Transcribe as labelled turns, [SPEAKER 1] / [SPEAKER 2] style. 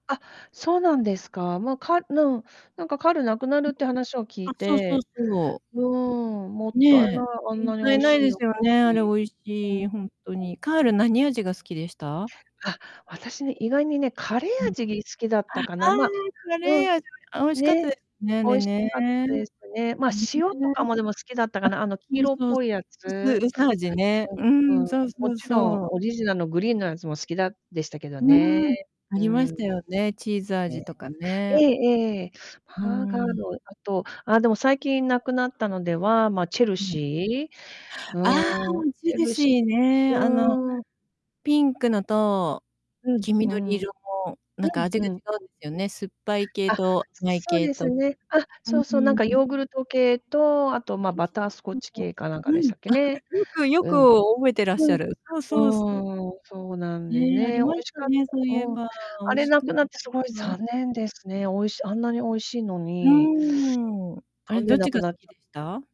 [SPEAKER 1] あ、そうなんですか？ま、かぬん、なんかカールなくな
[SPEAKER 2] う
[SPEAKER 1] る
[SPEAKER 2] んう
[SPEAKER 1] っ
[SPEAKER 2] ん。
[SPEAKER 1] て話を聞い
[SPEAKER 2] あ、そうそう
[SPEAKER 1] て、
[SPEAKER 2] そ
[SPEAKER 1] うーん、もっ
[SPEAKER 2] う。
[SPEAKER 1] たいな
[SPEAKER 2] ね
[SPEAKER 1] い、あ
[SPEAKER 2] え。
[SPEAKER 1] ん
[SPEAKER 2] もっ
[SPEAKER 1] なに美
[SPEAKER 2] たい
[SPEAKER 1] 味
[SPEAKER 2] な
[SPEAKER 1] し
[SPEAKER 2] い
[SPEAKER 1] い
[SPEAKER 2] で
[SPEAKER 1] お
[SPEAKER 2] す
[SPEAKER 1] 菓
[SPEAKER 2] よね、あれ美
[SPEAKER 1] 子。
[SPEAKER 2] 味
[SPEAKER 1] うん。
[SPEAKER 2] し
[SPEAKER 1] は
[SPEAKER 2] い、ほんと
[SPEAKER 1] い。
[SPEAKER 2] に。カール何味が好きでした？
[SPEAKER 1] あ、私ね、意外にね、カレ
[SPEAKER 2] う
[SPEAKER 1] ー
[SPEAKER 2] ん。
[SPEAKER 1] 味好きだった
[SPEAKER 2] あ、あ
[SPEAKER 1] かな、ま
[SPEAKER 2] あ、カ
[SPEAKER 1] うん、
[SPEAKER 2] レー味、あ、美味しかっ
[SPEAKER 1] ね、
[SPEAKER 2] たですね、あ
[SPEAKER 1] 美
[SPEAKER 2] れ
[SPEAKER 1] 味し
[SPEAKER 2] ね。
[SPEAKER 1] かったですね。まあ、
[SPEAKER 2] あ、
[SPEAKER 1] 塩とかもでも好きだったかな、あの、黄色っ
[SPEAKER 2] そうそう
[SPEAKER 1] ぽ
[SPEAKER 2] そ
[SPEAKER 1] いや
[SPEAKER 2] う、
[SPEAKER 1] つ。
[SPEAKER 2] 薄薄味ね、う
[SPEAKER 1] うん、う
[SPEAKER 2] ん、
[SPEAKER 1] ん、
[SPEAKER 2] そう
[SPEAKER 1] も
[SPEAKER 2] そう
[SPEAKER 1] ちろん
[SPEAKER 2] そう。
[SPEAKER 1] オリジナルのグリーンのやつも好きだでしたけど
[SPEAKER 2] う
[SPEAKER 1] ね。
[SPEAKER 2] ーん、あ
[SPEAKER 1] う
[SPEAKER 2] りまし
[SPEAKER 1] ん。
[SPEAKER 2] たよね、チーズ
[SPEAKER 1] ええ。
[SPEAKER 2] 味とかね。
[SPEAKER 1] ええええ。
[SPEAKER 2] う
[SPEAKER 1] ハーガー
[SPEAKER 2] ん。
[SPEAKER 1] ド、あと、ああ、でも最近無くなったのでは、まあ、チェル
[SPEAKER 2] はい。
[SPEAKER 1] シー、
[SPEAKER 2] ああ、
[SPEAKER 1] うーん、
[SPEAKER 2] チ
[SPEAKER 1] チ
[SPEAKER 2] ェ
[SPEAKER 1] ェ
[SPEAKER 2] ル
[SPEAKER 1] ルシ
[SPEAKER 2] シー
[SPEAKER 1] ー
[SPEAKER 2] ね。あの、
[SPEAKER 1] うーん。
[SPEAKER 2] ピンクのと、
[SPEAKER 1] うん、
[SPEAKER 2] 黄
[SPEAKER 1] う
[SPEAKER 2] 緑
[SPEAKER 1] ん。うん
[SPEAKER 2] 色の、なんか味
[SPEAKER 1] う
[SPEAKER 2] が違
[SPEAKER 1] ん
[SPEAKER 2] うん
[SPEAKER 1] う
[SPEAKER 2] で
[SPEAKER 1] ん。
[SPEAKER 2] すよね、酸っぱい系
[SPEAKER 1] あ、
[SPEAKER 2] と甘い
[SPEAKER 1] そそう
[SPEAKER 2] 系
[SPEAKER 1] です
[SPEAKER 2] と。
[SPEAKER 1] ね。あ、
[SPEAKER 2] うん、
[SPEAKER 1] そ
[SPEAKER 2] う
[SPEAKER 1] うそう、なんか
[SPEAKER 2] ーん。
[SPEAKER 1] ヨーグルト系と、あと、まあ、
[SPEAKER 2] うん、
[SPEAKER 1] バ
[SPEAKER 2] そう、
[SPEAKER 1] タースコッ
[SPEAKER 2] そう
[SPEAKER 1] チ
[SPEAKER 2] そう。
[SPEAKER 1] 系かなんか
[SPEAKER 2] う
[SPEAKER 1] でし
[SPEAKER 2] ん、
[SPEAKER 1] たっけ
[SPEAKER 2] あっ、
[SPEAKER 1] ね。
[SPEAKER 2] よくよく
[SPEAKER 1] うん。
[SPEAKER 2] 覚えてらっ
[SPEAKER 1] う
[SPEAKER 2] し
[SPEAKER 1] ん、
[SPEAKER 2] ゃる。そうそうそう。
[SPEAKER 1] うーん、そうなんで
[SPEAKER 2] ね、あ
[SPEAKER 1] ね。
[SPEAKER 2] り
[SPEAKER 1] 美味
[SPEAKER 2] まし
[SPEAKER 1] し
[SPEAKER 2] た
[SPEAKER 1] かっ
[SPEAKER 2] ね、
[SPEAKER 1] た
[SPEAKER 2] そういえ
[SPEAKER 1] うん。
[SPEAKER 2] ば、美
[SPEAKER 1] あ
[SPEAKER 2] 味
[SPEAKER 1] れ
[SPEAKER 2] し
[SPEAKER 1] 無
[SPEAKER 2] かっ
[SPEAKER 1] く
[SPEAKER 2] た。
[SPEAKER 1] なって凄い 残念ですね。美味しあんなに美味しいの
[SPEAKER 2] う
[SPEAKER 1] に。
[SPEAKER 2] ーん。あ
[SPEAKER 1] た
[SPEAKER 2] れ、
[SPEAKER 1] ん
[SPEAKER 2] ど
[SPEAKER 1] で
[SPEAKER 2] っ
[SPEAKER 1] な
[SPEAKER 2] ち
[SPEAKER 1] く
[SPEAKER 2] が好
[SPEAKER 1] なっ
[SPEAKER 2] き
[SPEAKER 1] ちゃっ
[SPEAKER 2] でした？